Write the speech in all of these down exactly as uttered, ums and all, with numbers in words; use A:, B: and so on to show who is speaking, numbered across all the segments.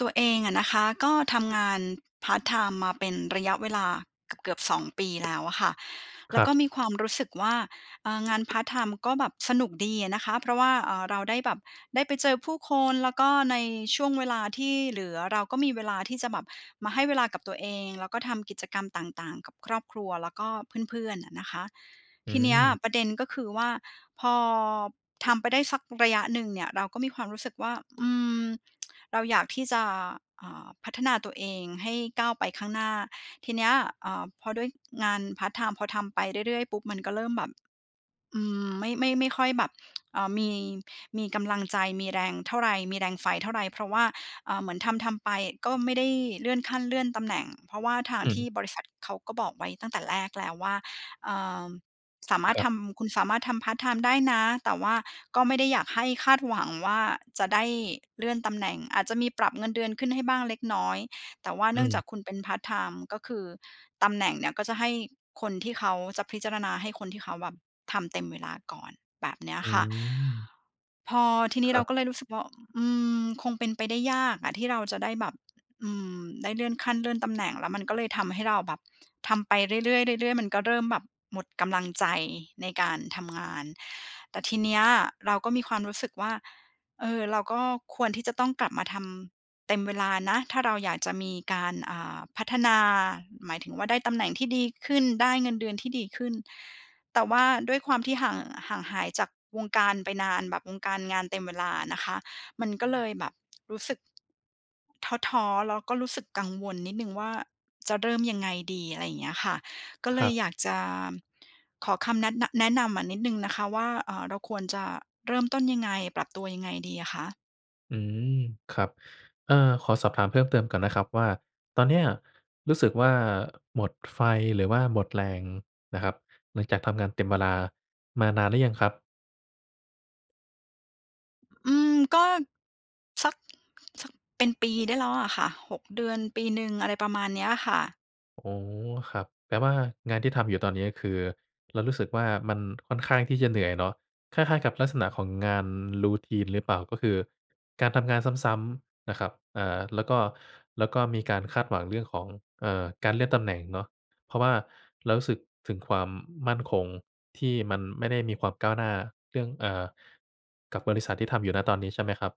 A: ตัวเองอะนะคะก็ทำงานพาร์ตไทม์มาเป็นระยะเวลาเกือบ ๆ สอง ปี แล้วอะค่ะ แล
B: ค
A: ้
B: ร
A: ว
B: ั
A: ก็
B: บ
A: มีความรู้สึกว่า อ่า งานพาร์ตไทม์ก็แบบสนุกดีอะนะคะ เพราะว่า อ่า เราได้แบบ ได้ไปเจอผู้คน แล้วก็ในช่วงเวลาที่เหลือเราก็มีเวลาที่จะแบบมาให้เวลากับตัวเอง แล้วก็ทำกิจกรรมต่าง ๆ กับครอบครัวแล้วก็เพื่อน ๆ อะนะคะ
B: อื
A: ทีนี้
B: ม
A: ประเด็นก็คือว่าพอทำไปได้สักระยะหนึ่งเนี่ย เราก็มีความรู้สึกว่า อืม เราอยากที่จะ อ่า พัฒนาตัวเองให้ก้าวไปข้างหน้า ทีเนี้ย อ่า พอด้วยงานพาร์ตไทม์ พอทำไปเรื่อย ๆ ปุ๊บ มันก็เริ่มแบบ อืม ไม่ ไม่ ไม่ค่อยแบบ อ่า มี มีกำลังใจ มีแรงเท่าไร มีแรงไฟเท่าไร เพราะว่า อ่า เหมือนทำทำไปก็ไม่ได้เลื่อนขั้นเลื่อนตำแหน่ง เพราะว่าทาง
B: อื
A: ที
B: ม
A: ่บริษัทเขาก็บอกไว้ตั้งแต่แรกแล้วว่า อ่า สามา
B: ค
A: รถ
B: รั
A: ท
B: บ
A: ำ คุณสามารถทำพาร์ตไทม์ได้นะ แต่ว่าก็ไม่ได้อยากให้คาดหวังว่าจะได้เลื่อนตำแหน่ง อาจจะมีปรับเงินเดือนขึ้นให้บ้างเล็กน้อย แต่ว่าเ
B: อ
A: น
B: ื
A: ื่องจาก
B: ม
A: คุณเป็นพาร์ตไทม์ ก็คือตำแหน่งเนี่ย ก็จะให้คนที่เขา จะพิจารณาให้คนที่เขาแบบทำเต็มเวลาก่อน แบบเนี้ย
B: อื
A: ค่ะ
B: ม
A: พอทีนี้
B: คร
A: เร
B: ั
A: า
B: บ
A: ก็เลยรู้สึกว่า อืม คงเป็นไปได้ยากอะที่เราจะได้แบบ อืม ได้เลื่อนขั้น เลื่อนตำแหน่ง แล้วมันก็เลยทำให้เราแบบ ทำไปเรื่อย ๆ เรื่อย ๆ มันก็เริ่มแบบหมดกำลังใจในการทำงาน แต่ทีเนี้ยเราก็มีความรู้สึกว่า เออ เราก็ควรที่จะต้องกลับมาทำเต็มเวลานะ ถ้าเราอยากจะมีการ อ่า พัฒนา หมายถึงว่าได้ตำแหน่งที่ดีขึ้น ได้เงินเดือนที่ดีขึ้น แต่ว่าด้วยความที่ห่าง ห่างหายจากวงการไปนาน แบบวงการงานเต็มเวลานะคะ มันก็เลยแบบรู้สึก ท้อ ๆ แล้วก็รู้สึกกังวลนิดหนึ่งว่าจะเริ่มยังไงดี อะไรอย่างเงี้ยค่ะ ก็เล
B: ครั
A: ย
B: บ
A: อยากจะขอคำแนะ น แนะนำอะนิดหนึ่งนะคะว่า อ่า เราควรจะเริ่มต้นยังไง ปรับตัวยังไงดีอะคะ?
B: อืม ครับ เออ ขอสอบถามเพิ่มเติมก่อนนะครับว่า ตอนเนี้ยรู้สึกว่าหมดไฟ หรือว่าหมดแรงนะครับ หลังจากทำงานเต็มเวลามานานหรือยังครับ?
A: อืม ก็ สัก สัก เป็นปีได้แล้วอะค่ะ หก เดือน ปีหนึ่ง อะไรประมาณเนี้ยอะค่ะ
B: อ๋อ ครับ แปลว่างานที่ทำอยู่ตอนนี้ คือเรารู้สึกว่า มันค่อนข้างที่จะเหนื่อยเนาะ คล้าย ๆ กับลักษณะของงาน routine หรือเปล่า? ก็คือการทำงานซ้ำ ๆ นะครับ เอ่อ แล้วก็ แล้วก็มีการคาดหวังเรื่องของ เอ่อ การเลื่อนตำแหน่งเนาะ เพราะว่าเรารู้สึกถึงความมั่นคงที่มันไม่ได้มีความก้าวหน้าเรื่อง อ่า กับบริษัทที่ทำอยู่ ณ ตอนนี้ใช่ไหมครับ?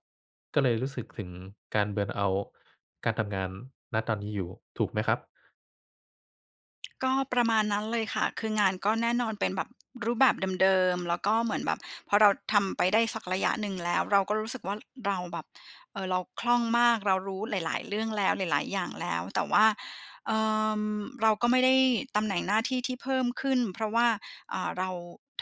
B: ก็เลยรู้สึกถึงการ เบิร์นเอาต์ การทำงาน ณ ตอนนี้อยู่ ถูกไหมครับ?
A: ก็ประมาณนั้นเลยค่ะ คืองานก็แน่นอน เป็นแบบรูปแบบเดิม ๆ แล้วก็เหมือนแบบพอเราทำไปได้สักระยะหนึ่งแล้ว เราก็รู้สึกว่า เราแบบ เออ เราคล่องมาก เรารู้หลาย ๆ เรื่องแล้ว หลาย ๆ อย่างแล้ว แต่ว่า เอ่อ เราก็ไม่ได้ตำแหน่งหน้าที่ที่เพิ่มขึ้น เพราะว่า อ่า เรา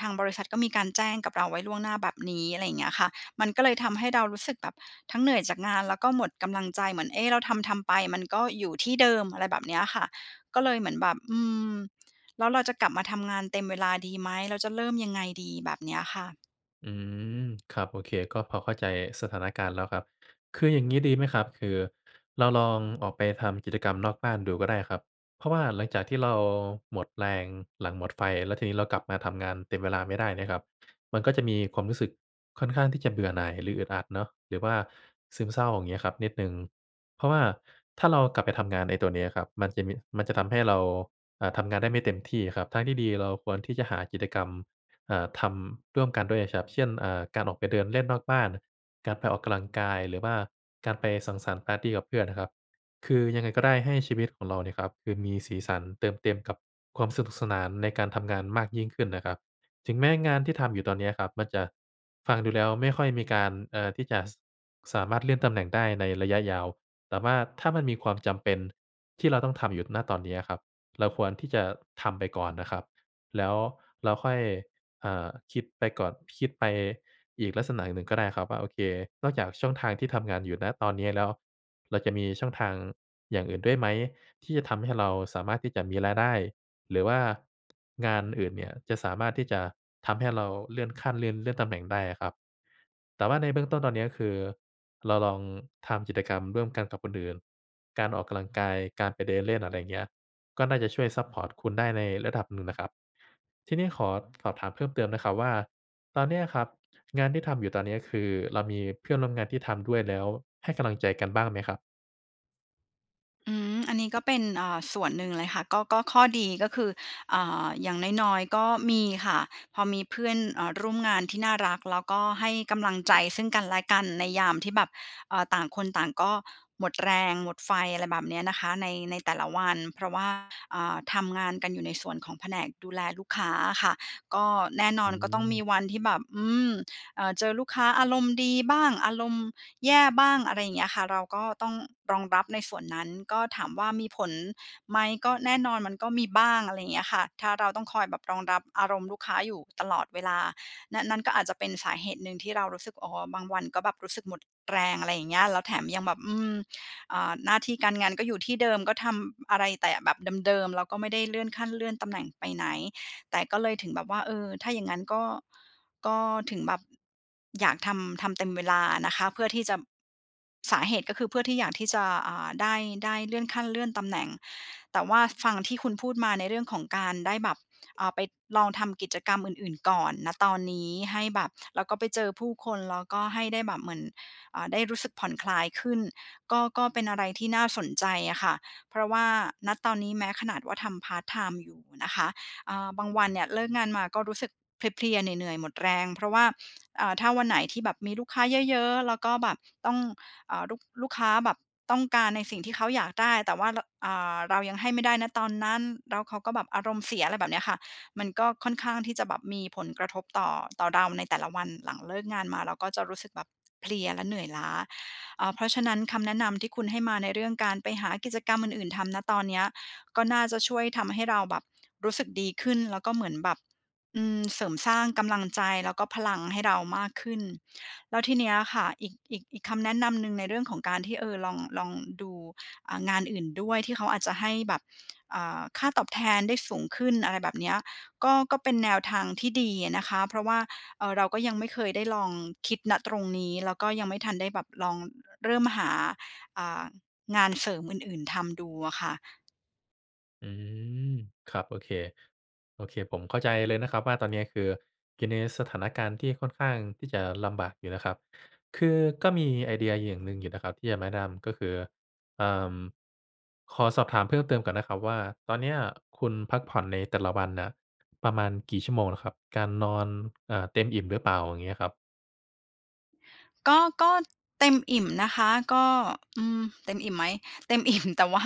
A: ทางบริษัทก็มีการแจ้งกับเราไว้ล่วงหน้าแบบนี้ อะไรอย่างเงี้ยค่ะ มันก็เลยทำให้เรารู้สึกแบบ ทั้งเหนื่อยจากงาน แล้วก็หมดกำลังใจ เหมือน เอ๊ะ เราทำ ๆ ไปมันก็อยู่ที่เดิม อะไรแบบเนี้ยอะค่ะ ก็เลยเหมือนแบบ อืม แล้วเราจะกลับมาทำงานเต็มเวลาดีไหม? แล้วจะเริ่มยังไงดี แบบเนี้ยค่ะ
B: อืม ครับ โอเค ก็พอเข้าใจสถานการณ์แล้วครับ คืออย่างงี้ดีไหมครับ คือเราลองออกไปทำกิจกรรมนอกบ้านดูก็ได้ครับ เพราะว่าหลังจากที่เราหมดแรงหลังหมดไฟ แล้วทีนี้เรากลับมาทำงานเต็มเวลาไม่ได้เนี่ยครับ มันก็จะมีความรู้สึกค่อนข้างที่จะเบื่อหน่าย หรืออึดอัดเนาะ หรือว่าซึมเศร้า อย่างเงี้ยครับ นิดหนึ่ง เพราะว่าถ้าเรากลับไปทำงานไอ้ตัวนี้ครับ มันจะมี มันจะทำให้เรา อ่า ทำงานได้ไม่เต็มที่ครับ ทางที่ดีเราควรที่จะหากิจกรรม อ่า ทำร่วมกันด้วยอะชับ เช่น อ่า การออกไปเดินเล่นนอกบ้าน การไปออกกำลังกาย หรือว่าการไปสังสรรค์ปาร์ตีกับเพื่อนน่ะครับ คือยังไงก็ได้ให้ชีวิตของเราเนี่ยนะครับ คือมีสีสัน เติมเต็มกับความสนุกสนานในการทำงานมากยิ่งขึ้นน่ะครับ ถึงแม้งานที่ทำอยู่ตอนเนี้ยครับ มันจะฟังดูแล้วไม่ค่อยมีการ เอ่อ ที่จะ ส สามารถเลื่อนตำแหน่งได้ในระยะยาว แต่ว่าถ้ามันมีความจำเป็นที่เราต้องทำหยุด ณ ตอนนี้ครับ เราควรที่จะทำไปก่อนนะครับ แล้วเราค่อย อ่า คิดไปก่อน คิดไปอีกลักษณะหนึ่งก็ได้ครับว่า โอเค นอกจากช่องทางที่ทำงานอยู่ ณ ตอนนี้แล้ว เราจะมีช่องทางอย่างอื่นด้วยไหม? ที่จะทำให้เราสามารถที่จะมีรายได้ หรือว่า งานอื่นเนี่ยจะสามารถที่จะทำให้เราเลื่อนขั้น เลื่อน เลื่อนตำแหน่งได้อะครับ แต่ว่าในเบื้องต้นตอนนี้ ก็คือเราลองทำกิจกรรมร่วมกันกับคนอื่น การออกกำลังกาย การไปเดินเล่น อะไรอย่างเงี้ย ก็น่าจะช่วยซัปพอร์ตคุณได้ในระดับหนึ่งนะครับ ทีนี้ขอ สอบถามเพิ่มเติมนะครับว่า ตอนเนี้ยครับ งานที่ทำอยู่ตอนนี้ คือเรามีเพื่อนร่วมงานที่ทำด้วย แล้วให้กำลังใจกันบ้างไหมครับ?
A: อืม อันนี้ก็เป็น เอ่อ ส่วนหนึ่งเลยค่ะ ก็ ก็ข้อดีก็คือ อ่า อย่างน้อย ๆ ก็มีค่ะ พอมีเพื่อน เอ่อ ร่วมงานที่น่ารัก แล้วก็ให้กำลังใจซึ่งกันและกันในยามที่แบบ เอ่อ ต่างคนต่างก็หมดแรง หมดไฟ อะไรแบบนี้นะคะ ใน ในแต่ละวันเพราะว่า อ่า ทำงานกันอยู่ในส่วนของแผนกดูแลลูกค้าอะค่ะ ก็แน่นอ
B: อื
A: น ก็ต้องม
B: ม
A: ีวันที่แบบ อืม เอ่อ เจอลูกค้าอารมณ์ดีบ้าง อารมณ์แย่บ้าง อะไรอย่างเงี้ยค่ะ เราก็ต้องรองรับในส่วนนั้น ก็ถามว่ามีผลไหม? ก็แน่นอนมันก็มีบ้าง อะไรอย่างเงี้ยค่ะ ถ้าเราต้องคอยแบบรองรับอารมณ์ลูกค้าอยู่ตลอดเวลา น นั้นก็อาจจะเป็นสาเหตุหนึ่งที่เรารู้สึก อ๋อ บางวันก็แบบรู้สึกหมดแรง อะไรอย่างเงี้ย แล้วแถมยังแบบ อืม อ่า หน้าที่การงานก็อยู่ที่เดิม ก็ทำอะไรแต่แบบเดิม ๆ เราก็ไม่ได้เลื่อนขั้นเลื่อนตำแหน่งไปไหน แต่ก็เลยถึงแบบว่า เออ ถ้าอย่างงั้นก็ ก็ถึงแบบ อยากทำ ทำเต็มเวลาอะนะคะ เพื่อที่จะ สาเหตุก็คือเพื่อที่อยากที่จะ อ่า ได้ ได้เลื่อนขั้นเลื่อนตำแหน่ง แต่ว่าฟังที่คุณพูดมาในเรื่องของการได้แบบ อ่า ไปลองทำกิจกรรมอื่น ๆ ก่อน ณ ตอนนี้ ให้แบบ แล้วก็ไปเจอผู้คน แล้วก็ให้ได้แบบเหมือน อ่า ได้รู้สึกผ่อนคลายขึ้น ก็ ก็เป็นอะไรที่น่าสนใจอะค่ะ เพราะว่า ณ ตอนนี้แม้ขนาดว่าทำพาร์ตไทม์อยู่นะคะ อ่า บางวันเนี่ยเลิกงานมาก็รู้สึกเพลีย ๆ เหนื่อย ๆ หมดแรง เพราะว่า อ่า ถ้าวันไหนที่แบบมีลูกค้าเยอะ ๆ แล้วก็แบบต้อง เอ่อ ลูก ลูกค้าแบบต้องการในสิ่งที่เขาอยากได้ แต่ว่า ร อ่า เรายังให้ไม่ได้ ณ ตอนนั้น แล้วเขาก็แบบอารมณ์เสีย อะไรแบบเนี้ยค่ะ มันก็ค่อนข้างที่จะแบบมีผลกระทบต่อ ต่อเราในแต่ละวัน หลังเลิกงานมาเราก็จะรู้สึกแบบเพลียและเหนื่อยล้า เอ่อ เพราะฉะนั้นคำแนะนำที่คุณให้มาในเรื่องการไปหากิจกรรมอื่น ๆ ทำ ณ ตอนเนี้ย ก็น่าจะช่วยทำให้เราแบบรู้สึกดีขึ้น แล้วก็เหมือนแบบ อืม เสริมสร้างกำลังใจแล้วก็พลังให้เรามากขึ้น แล้วทีเนี้ยอะค่ะ อีก อีก อีกคำแนะนำหนึ่งในเรื่องของการที่ เอ่อ ลอง ลองดู อ่า งานอื่นด้วย ที่เขาอาจจะให้แบบ อ่า ค่าตอบแทนได้สูงขึ้น อะไรแบบเนี้ย ก็ ก็เป็นแนวทางที่ดีอะนะคะ เพราะว่า เอ่อ เราก็ยังไม่เคยได้ลองคิด ณ ตรงนี้ แล้วก็ยังไม่ทันได้แบบลอง เริ่มหา อ่า งานเสริมอื่น ๆ ทำดูอะค่ะ
B: อืม ครับ โอเค โอเคผมเข้าใจเลยนะครับว่าตอนเนี้ย คืออยู่ในสถานการณ์ที่ค่อนข้างที่จะลำบากอยู่นะครับ คือก็มีไอเดียอย่างหนึ่งอยู่นะครับ ที่อยากแนะนำ ก็คือ อ่า ขอสอบถามเพิ่มเติมก่อนนะครับว่า ตอนเนี้ยคุณพักผ่อนในแต่ละวันน่ะประมาณกี่ชั่วโมงเหรอครับ? การนอน อ่า เต็มอิ่มหรือเปล่า? อย่างเงี้ยครับ
A: ก็ ก็เต็มอิ่มนะคะ ก็ อืม เต็มอิ่มไหม? เต็ม อิ่ม แต่ว่า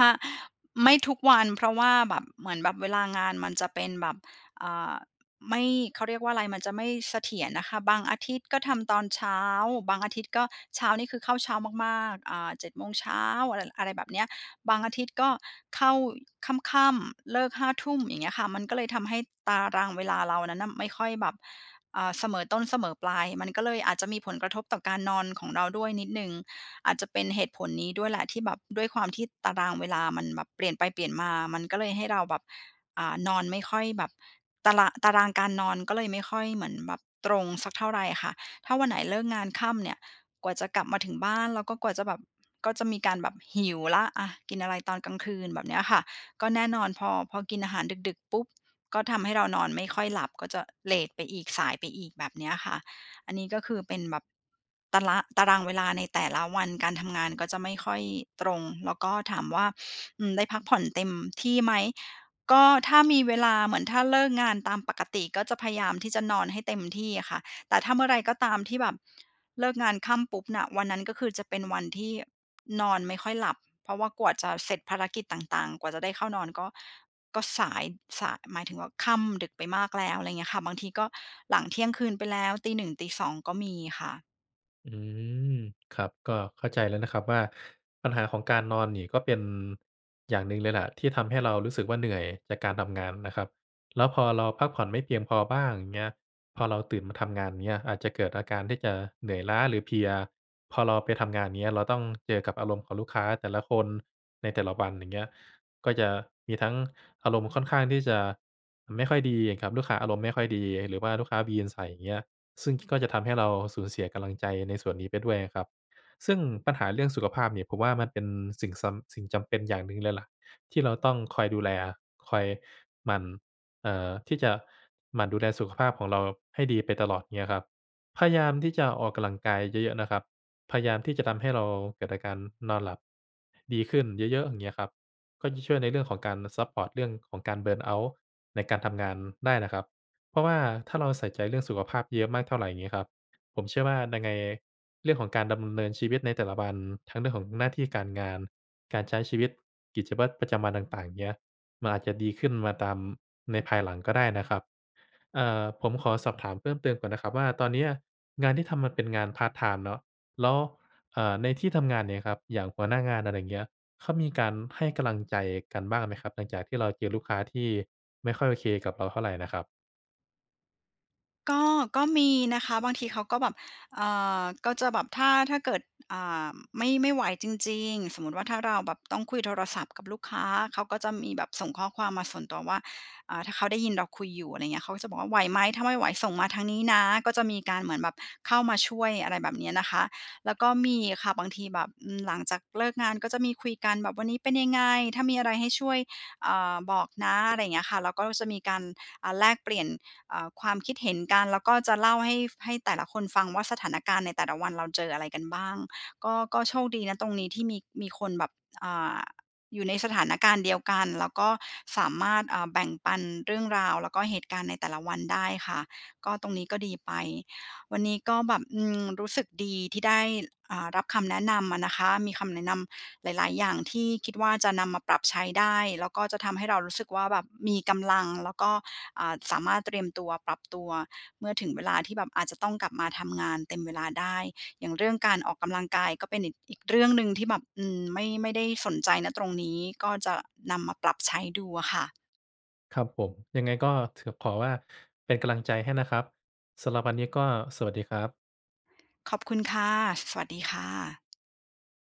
A: ไม่ทุกวันเพราะว่าแบบ เหมือนแบบเวลางานมันจะเป็นแบบ อ่า ไม่ เขาเรียกว่าอะไร มันจะไม่เสถียรนะคะ บางอาทิตย์ก็ทำตอนเช้า บางอาทิตย์ก็เช้านี่คือเข้าเช้ามาก ๆ อ่า เจ็ด โมงเช้า อะไร อะไรแบบเนี้ย บางอาทิตย์ก็เข้าค่ำ ๆ เลิก ห้า ทุ่ม อย่างเงี้ยค่ะ มันก็เลยทำให้ตารางเวลาเรานั้นน่ะไม่ค่อยแบบ อ่า เสมอต้นเสมอปลาย มันก็เลยอาจจะมีผลกระทบต่อการนอนของเราด้วยนิดหนึ่ง อาจจะเป็นเหตุผลนี้ด้วยแหละ ที่แบบด้วยความที่ตารางเวลามันแบบเปลี่ยนไปเปลี่ยนมา มันก็เลยให้เราแบบ อ่า นอนไม่ค่อยแบบ ตาราง ตารางการนอนก็เลยไม่ค่อยเหมือนแบบตรงสักเท่าไรค่ะ ถ้าวันไหนเลิกงานค่ำเนี่ย กว่าจะกลับมาถึงบ้าน แล้วก็กว่าจะแบบ ก็จะมีการแบบหิวแล้ว อะ กินอะไรตอนกลางคืน แบบเนี้ยค่ะ ก็แน่นอนพอ พอกินอาหารดึก ๆ ปุ๊บ ก็ทำให้เรานอนไม่ค่อยหลับ ก็จะเลตไปอีก สายไปอีก แบบเนี้ยค่ะ อันนี้ก็คือเป็นแบบ ตารา ตารางเวลาในแต่ละวันการทำงานก็จะไม่ค่อยตรง แล้วก็ถามว่า อืม ได้พักผ่อนเต็มที่ไหม? ก็ถ้ามีเวลา เหมือนถ้าเลิกงานตามปกติ ก็จะพยายามที่จะนอนให้เต็มที่อะค่ะ แต่ถ้าเมื่อไรก็ตามที่แบบ เลิกงานค่ำปุ๊บน่ะ วันนั้นก็คือจะเป็นวันที่นอนไม่ค่อยหลับ เพราะว่ากว่าจะเสร็จภารกิจต่าง ๆ กว่าจะได้เข้านอนก็ ก็สาย สาย หมายถึงว่าค่ำดึกไปมากแล้ว อะไรอย่างเงี้ยค่ะ บางทีก็หลังเที่ยงคืนไปแล้วตี หนึ่ง ตี สอง ก็มีค่ะ
B: อืม ครับ ก็เข้าใจแล้วนะครับว่า ปัญหาของการนอนนี่ก็เป็น อย่างหนึ่งเลยแหละ ที่ทำให้เรารู้สึกว่าเหนื่อยจากการทำงานนะครับ แล้วพอเราพักผ่อนไม่เพียงพอบ้าง อย่างเงี้ย พอเราตื่นมาทำงาน อย่างเงี้ย อาจจะเกิดอาการที่จะเหนื่อยล้า หรือเพลีย พอเราไปทำงาน อย่างเงี้ย เราต้องเจอกับอารมณ์ของลูกค้าแต่ละคนในแต่ละวัน อย่างเงี้ย ก็จะมีทั้งอารมณ์ค่อนข้างที่จะไม่ค่อยดีอะครับ ลูกค้าอารมณ์ไม่ค่อยดี หรือว่าลูกค้าวีนใส่ อย่างเงี้ย ซึ่งก็จะทำให้เราสูญเสียกำลังใจในส่วนนี้ไปด้วยอะครับ ซึ่งปัญหาเรื่องสุขภาพเนี่ยผมว่า มันเป็นสิ่งสำ สิ่งจำเป็นอย่างหนึ่งเลยล่ะ ที่เราต้องคอยดูแล คอยหมั่น เอ่อ ที่จะหมั่นดูแลสุขภาพของเราให้ดีไปตลอด อย่างเงี้ยครับ พยายามที่จะออกกำลังกายเยอะ ๆ นะครับ พยายามที่จะทำให้เราเกิดอาการนอนหลับ ดีขึ้นเยอะ ๆ อย่างเงี้ยครับ ก็จะช่วยในเรื่องของการซัปพอร์ตเรื่องของการ burnout ในการทำงานได้นะครับ เพราะว่าถ้าเราใส่ใจเรื่องสุขภาพเยอะมากเท่าไร อย่างงี้ครับ ผมเชื่อว่ายังไงเรื่องของการดำเนินชีวิตในแต่ละวัน ทั้งเรื่องของหน้าที่การงาน การใช้ชีวิตกิจวัตรประจำวันต่าง ๆ อย่างเงี้ย มันอาจจะดีขึ้นมาตาม ในภายหลังก็ได้นะครับ เอ่อ ผมขอสอบถามเพิ่มเติมก่อนนะครับว่า ตอนเนี้ยงานที่ทำมันเป็นงานพาร์ตไทม์เนาะ แล้ว อ่า ในที่ทำงาน อย่างเงี้ยครับ อย่างหัวหน้างาน อะไรอย่างเงี้ย เขามีการให้กำลังใจกันบ้างไหมครับ หลังจากที่เราเจอลูกค้าที่ไม่ค่อยโอเคกับเราเท่าไรน่ะครับ?
A: ก็ ก็มีนะคะ บางทีเขาก็แบบ อ่า ก็จะแบบ ถ้า ถ้าเกิด อ่า ไม่ ไม่ไหวจริง ๆ สมมุติว่าถ้าเราแบบต้องคุยโทรศัพท์กับลูกค้า เขาก็จะมีแบบส่งข้อความมาส่วนตัวว่า อ่า ถ้าเขาได้ยินเราคุยอยู่ อะไรอย่างเงี้ย เขาก็จะบอกว่าไหวไหม ถ้าไม่ไหวส่งมาทางนี้นะ ก็มีการเหมือนแบบเข้ามาช่วย อะไรแบบเนี้ยนะคะ แล้วก็มีค่ะ บางทีแบบ อืม หลังจากเลิกงานก็จะมีคุยกัน แบบวันนี้เป็นยังไง ถ้ามีอะไรให้ช่วย อ่า บอกนะ อะไรอย่างเงี้ยค่ะ แล้วก็จะมีการ อ่า แลกเปลี่ยน อ่า ความคิดเห็นกัน แล้วก็จะเล่าให้ ฟ ให้แต่ละคนฟังว่า สถานการณ์ในแต่ละวันเราเจออะไรกันบ้าง ก็ ก็โชคดี ณ ตรงนี้ ที่มี มีคนแบบ อ่า อยู่ในสถานการณ์เดียวกัน แล้วก็สามารถ อ่า แบ่งปันเรื่องราว แล้วก็เหตุการณ์ในแต่ละวันได้ค่ะ ก็ตรงนี้ก็ดีไป วันนี้ก็แบบ อืม รู้สึกดี ที่ได้ อ่า รับคำแนะนำอะนะคะ มีคำแนะนำหลาย ๆ อย่างที่คิดว่า จะนำมาปรับใช้ได้ แล้วก็จะทำให้เรารู้สึกว่าแบบมีกำลัง แล้วก็ อ่า สามารถเตรียมตัว ปรับตัว เมื่อถึงเวลาที่แบบอาจจะต้องกลับมาทำงานเต็มเวลาได้ อย่างเรื่องการออกกำลังกายก็เป็นอีก อีกเรื่องหนึ่งที่แบบ อืม ไม่ ไม่ได้สนใจ ณ ตรงนี้ ก็จะนำมาปรับใช้ดูอะค่ะ
B: ครับผม ยังไงก็ ถ ขอว่าเป็นกำลังใจให้นะครับ สำหรับวันนี้ก็สวัสดีครับ
A: ขอบคุณค่ะ ส สวัสดีค่ะ